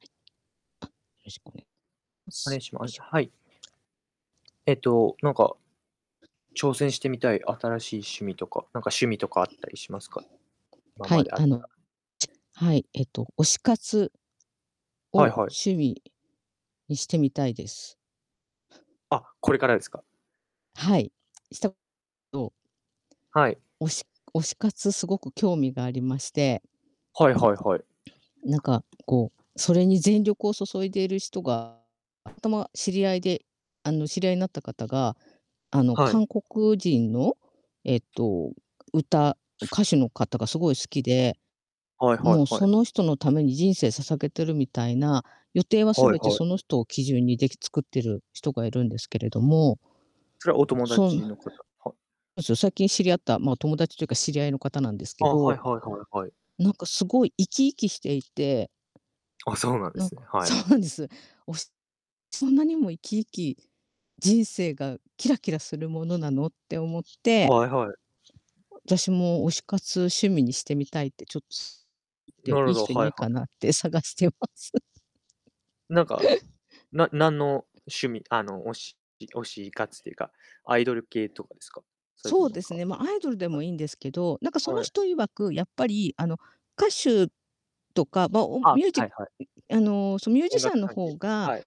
はい。あ、よろしくおねまおねす。いよしまいしょ。はい。えっと、なんか挑戦してみたい新しい趣味とか、なんか趣味とかあったりしますか？今はまい、であっあの、たはい、えっと、推し活はいをはい。趣味にしてみたいです。あ、これからですか？はい、した [unintelligible] ど [unintelligible] はい。おし推し活すごく興味がありましてはいはいはい。ん、なんか、こう、それに全力を注いでいる人が、あ、たま知り合いで、あの、知り合いになった方が、あの、は韓い。国人の、えっと、歌ん、す。歌手の方がすごい好きで、はいはもういはい。その人のために人生捧げてるみたいな、予定ははい全てはい。その人を基準にでき作ってる人がいるんですけれどもそれはお友そぬ達の方はうす最近知り合った、まあ、友達というか、知り合いの方なんですけあ、はどいはいはいはい。なんかすごい生き生きしていてあ、そうなんでなんすね。かはそい。うなんです。推し「そんなにも生き生き、人生がキラキラするものなの」って思ってはいはい。私も推し活趣味にしてみたいってちょっつ言っなて、るいほいど、人いはいなはいかい。なって探してます。なんか、な何の趣味、あの、おしじ推し活っていうか、アイドル系とかですか？それとそもうなんですかね、ま、アイドルではい。もいいんですけど、なんかそのはい。人曰く、やっぱりあの、歌手とか、まあ、おんあ、ミュージんはいはい。ん、あの、その、ミュージ音シャ楽ンの関係。方が、はい。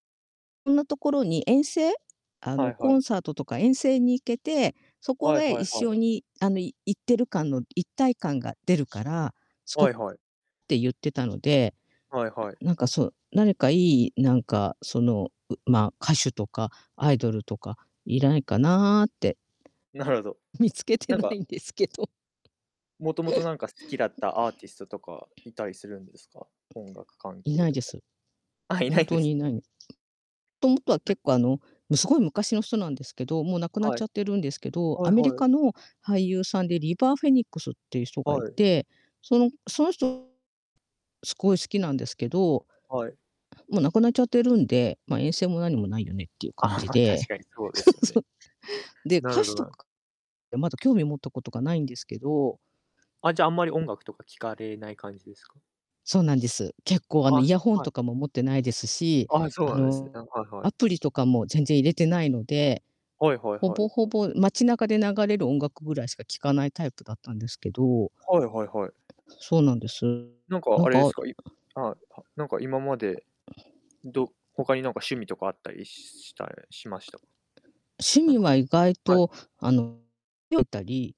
ろんなところに遠征、あはの、いはコい。ンサートとか遠征に行けて、そこはいげは一いはい。緒にあのい行ってる感の一体感が出るから、すごはっいはい。て言ってたので、はいはい。なんかそう、何かいい、なんか、その、うまあ、歌手とかアイドルとかいらいかなって。なるほど。見つけてなんなかいんですけど。もともとなんか好きだったアーティストとか、いたりするんですか？音楽関い係ないとでか。す。あ、いな本いんで当す。にいないの。ともとははい。結構あの、も、凄い昔の人なんですけど、もう亡くなっはちい。ゃってるんですけど、はアいメリはい。カの俳優さんでリバー・フェニックスっていう人がはいい。て、そのその人すごい好きなんですけどはい。もう亡くなっちゃってるんで、ま、遠征も何もないよねっていう感あ、じま、確で。かにそうです ようね。そう。で、な歌るほ手どとな。か、え、まだ興味を持ったことがないんですけど。あ、じゃあ、あんまり音楽とか聴かれない感じですか？そうなんです。結構、あの、イあ、ヤホンはい。とかも持ってないですし、あ、そうあなんですね、の、なんか。はいはい。アプリとかも全然入れてないので、はいはいほはい。ぼほぼ、街中で流れる音楽ぐらいしか聞かないタイプだったんですけど。はいはいはい。そうなんです。なんかなんあれでかあするか、いあ、はなんか今まで、うど他になんか趣味とかあったりしたれしました？趣なん味かは意外はい。と、あの [unintelligible] よったり。